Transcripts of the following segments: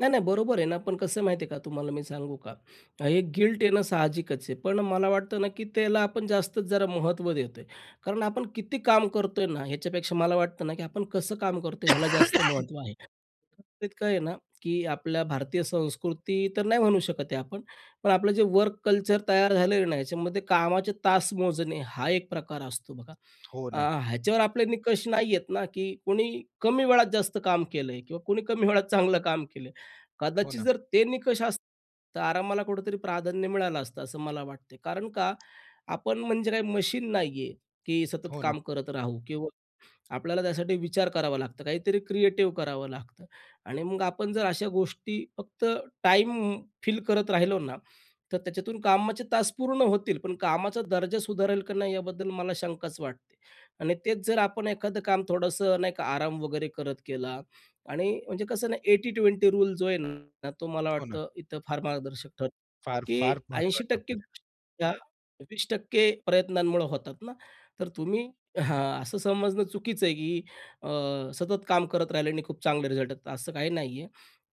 नाही-नाही बरोबर आहे ना पण कसं आहे माहिती आहे का तुम्हाला मी सांगू का. हे गिल्ट येणं साहजिकच आहे. पण मला वाटतं ना की त्याला आपण जास्तच जरा महत्त्व देतोय. कारण आपण किती काम करतोय ना, ह्याच्यापेक्षा मला वाटतं ना की आपण कसं काम करतोय? याला जास्त महत्त्व आहे. काय आहे ना, की आपल्या भारतीय संस्कृती तर नाही म्हणू शकत हे आपण. पण आपलं जे वर्क कल्चर तयार झालं आहे ना, ह्याच्यामध्ये कामाचे तास मोजणे हा एक प्रकार असतो बघा. हो अ, ना. ह्याच्यावर आपले निकष नाही येत ना की कोणी कमी वेळात जास्त काम केलंय किंवा कोणी कमी वेळात चांगलं काम केलं आहे. हो कदाचित ना. जर ते निकष असता तर आरामाला कुठेतरी प्राधान्य मिळालं असतं असं मला वाटते. कारण का? आपण म्हणजे काय मशीन नाही आहे की सतत हो ना. काम करत राहू किंवा आपल्याला त्यासाठी विचार करावा लागतं, काहीतरी क्रिएटिव्ह करावं लागतं आणि मग आपण जर अशा गोष्टी फक्त टाईम फिल करत राहिलो ना, तर त्याच्यातून कामाचे तास पूर्ण होतील. पण कामाचा दर्जा सुधारेल की नाही याबद्दल मला शंकाच वाटते. आणि तेच जर आपण एखादं काम थोडंसं नाही का, आराम वगैरे करत केला. आणि म्हणजे कसं ना 80-20 रूल जो आहे ना तो मला हो ना. वाटतं इथं फार मार्गदर्शक ठरतो. फार-फार की ऐंशी महत्वाचा टक्के परिणाम. या 20% प्रयत्नांमुळे होतात ना. तर तुम्ही हां असं समजणं चुकीचं आहे की अ, सतत काम करत राहिले आणि खूप चांगले रिझल्ट येतात असं काही नाहीये.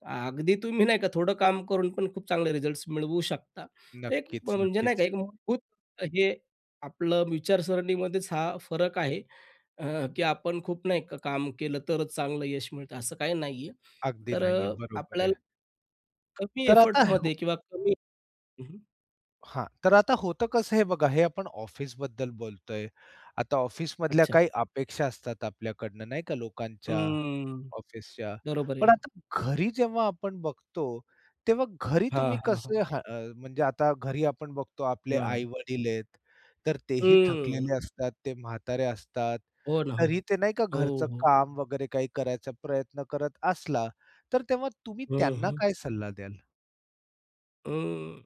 अगदी तुम्ही नाही का थोडं काम करून पण खूप चांगले रिझल्ट्स मिळवू शकता. तर एक नक्कीच, म्हणजे नाही का नक्कीच. एक मूलभूत हे आपलं विचारसरणीमध्येच हा फरक आहे. अ, की आपण खूप नाही का? काम केलं तरच चांगलं यश मिळतं असं काही नाही आहे अगदी तर नाही अ, आहे. बरोबर आपल्याला आहे. कमी तर आता हो. एफर्टमध्ये किंवा कमी हं, हं. हां, तर आता होतं कसं हे बघा हे आपण ऑफिसबद्दल बोलतोय. आता ऑफिसमधल्या अच्छा. काही अपेक्षा असतात आपल्याकडनं नाही का? लोकांच्या, हम्म ऑफिसच्या. बरोबर पण आहे. आता घरी जेव्हा आपण बघतो, तेव्हा घरी हां, तुम्ही हां, हां. कसं हं अ, म्हणजे आता घरी आपण बघतो आपले हां. आई-वडील आहेत. तर तेही हं. थकलेले असतात, ते म्हातारे असतात. हो ना, हो ना. तरीही ते नाही का हो, घरचं हो. काम वगैरे काही करायचा प्रयत्न करत असला, तर तेव्हा तुम्ही हं, त्यांना हं. काय सल्ला द्याल? अं,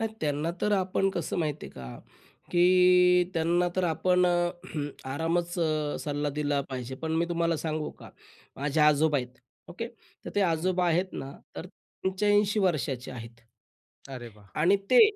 नाही त्यांना तर आपण कसं माहिती आहे का, की त्यांना तर आपण अ, आरामच सल्ला दिला पाहिजे. पण मी तुम्हाला सांगू का माझे आजोबा आहेत ओके तर ते हं. आजोबा आहेत ना तर 85 वर्षाचे आहेत. अरे, वाह! आणि ते